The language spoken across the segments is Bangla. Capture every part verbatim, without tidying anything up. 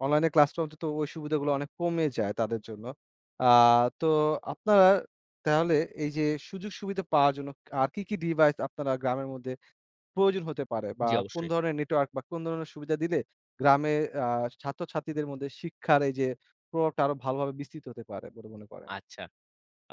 অনলাইন ক্লাসটা অন্তত ওই সুবিধাগুলো অনেক কমে যায় তাদের জন্য। আ তো আপনারা তাহলে এই যে, সুযোগ-সুবিধা পাওয়ার জন্য, আর কি, কি, ডিভাইস আপনারা গ্রামের মধ্যে প্রয়োজন হতে পারে, বা জ্বি, কোন অবশ্যই। ধরণের নেটওয়ার্ক বা কোন ধরনের সুবিধা দিলে গ্রামের আ ছাত্র-ছাত্রীদের মধ্যে শিক্ষার এই যে, প্রভাবটা আরো ভালোভাবে বিস্তৃত হতে পারে বলে মনে করেন? আচ্ছা।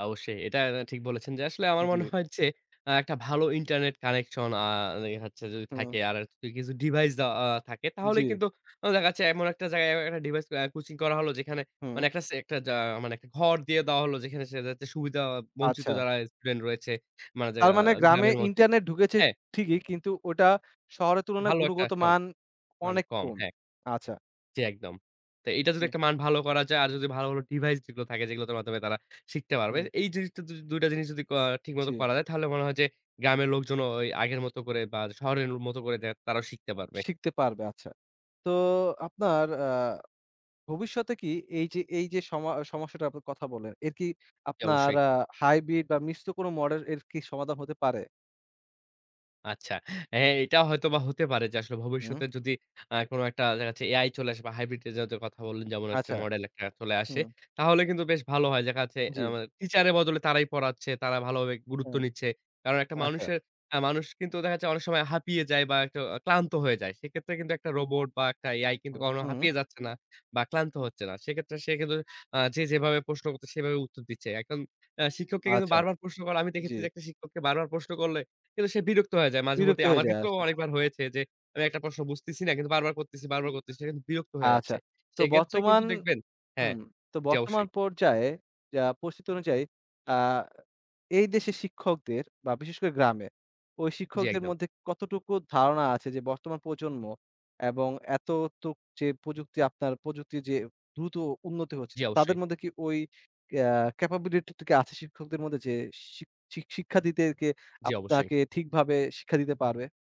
অবশ্যই এটা ঠিক বলেছেন, যে, আসলে আমার মনে জ্বি। হয় যে, আ একটা ভালো ইন্টারনেট কানেকশন আ ওই হচ্ছে যদি হুম। থাকে আর কিছু ডিভাইস দায়া থাকে, তাহলেই জ্বি। কিন্তু উ দেখা যাচ্ছে এমন একটা জায়গায় একটা ডিভাইস আ কোচিং করা হলো, যেখানে হুম। মানে একটা ছে একটা যা মানে একটা ঘর দিয়ে দেওয়া হলো যেখানে যাতে সুবিধা বঞ্চিত আচ্ছা। যারা স্টুডেন্ট রয়েছে, মানে তার জাগা মানে গ্রামে গ্রামের মধ্যে ইন্টারনেট ঢুকেছে হ্যাঁ। ঠিকই, কিন্তু ওটা শহরের তুলনায় ভালো একটা গুণগত [unintelligible] মান মান অনেক কম, কম। হ্যাঁ। আচ্ছা। জ্বী, একদম। তো এটা যদি জ্বী। একটা মান ভালো করা যায়, আর যদি ভালো, ভালো ডিভাইস যেগুলো থাকে, যেগুলো তার মাধ্যমে তারা শিখতে পারবে। হুম। এই জিনিসটা দ দুই টা জিনিস যদি ক ঠিক মতো জ্বী। করা যায়, তাহলে মনে হয় যে, গ্রামের লোকজনও ওই আগের মত করে বা শহরের মত করে দে তারাও শিখতে পারবে। শিখতে পারবে। আচ্ছা। তো আপনার আ ভবিষ্যতে কি এই যে এই যে সমা আ সমস্যাটা আপনি কথা বলেন, এর কি জি, আপনার অবশ্যই। আ হাইব্রিড, বা মিষ্ট কোন মডের এর কি সমাধান হতে পারে? আচ্ছা। এহ এটা হয়তো বা হতে পারে যে, আসলে হুম। ভবিষ্যতে যদি আ কোন একটা দেখা যাচ্ছে AI চলে আসে, বা হাইব্রিড জাতের কথা বললেন, যেমন হচ্ছে আচ্ছা। মডেল একটা চলে আসে হুম। তাহলে কিন্তু বেশ ভালো হয়। দেখাযাচ্ছে জ্বি। অ্যাম টিচার এর বদলে তারাই পড়াচ্ছে। তারা ভালোভাবে গুরুত্ব হুম। নিচ্ছে। কারণ একটা আচ্ছা। মানুষের, একটা মানুষ কিন্তু দেখা যাচ্ছে অনেক সময় হাঁপিয়ে যায়, বা একটু ক্লান্ত হয়ে যায়। সেক্ষেত্রে কিন্তু একটা রোবট, বা একটা AI কিন্তু হুম, কখনো হুম। হাঁপিয়ে যাচ্ছে না বা ক্লান্ত হচ্ছে না। সেক্ষেত্রে সে কিন্তু আ যে, যেভাবে প্রশ্ন করছে সেভাবে উত্তর দিচ্ছে। এখন অ্যা শিক্ষককে কিন্তু আচ্ছা। বারবার প্রশ্ন করে, আমি দেখেছি, জ্বি। যে, একটা শিক্ষককে বারবার প্রশ্ন করলে কিন্তু সে বিরক্ত হয়ে যায় বিরক্ত মাঝেমধ্যেই হয়ে আমার যায় ক্ষেত্রেও আচ্ছা। অনেকবার হয়েছে যে, আমি একটা প্রশ্ন বুঝতেছি না, কিন্তু বারবার করতেছি বারবার করতেছি কিন্তু বিরক্ত হয়ে আচ্ছা, যাচ্ছে। তো সেক্ষেত্রে কিন্তু বর্তমান দেখবেন হু, হ্যাঁ, তো জি, বর্তমান অবশ্যই। পর্যায়ে আ পরিস্থিতি অনুযায়ী আ এই দেশের শিক্ষকদের, বা বিশেষ করে গ্রামে। ওই জি, শিক্ষকদের একদম। মধ্যে কতটুকু ধারণা আছে, যে, বর্তমান প্রজন্ম এবং এততুক যে, প্রযুক্তি আপনার প্রযুক্তির যে, দ্রুত উন্নতি হচ্ছে, জি, তাদের অবশ্যই। মধ্যে কি ওই আ ক্যাপাবিলিটি টা কি আছে, শিক্ষকদের মধ্যে, যে, শি, শি শিক্ষা দিতে গিয়ে জি, অবশ্যই। আপনাকে ঠিকভাবে শিক্ষা দিতে পারবে?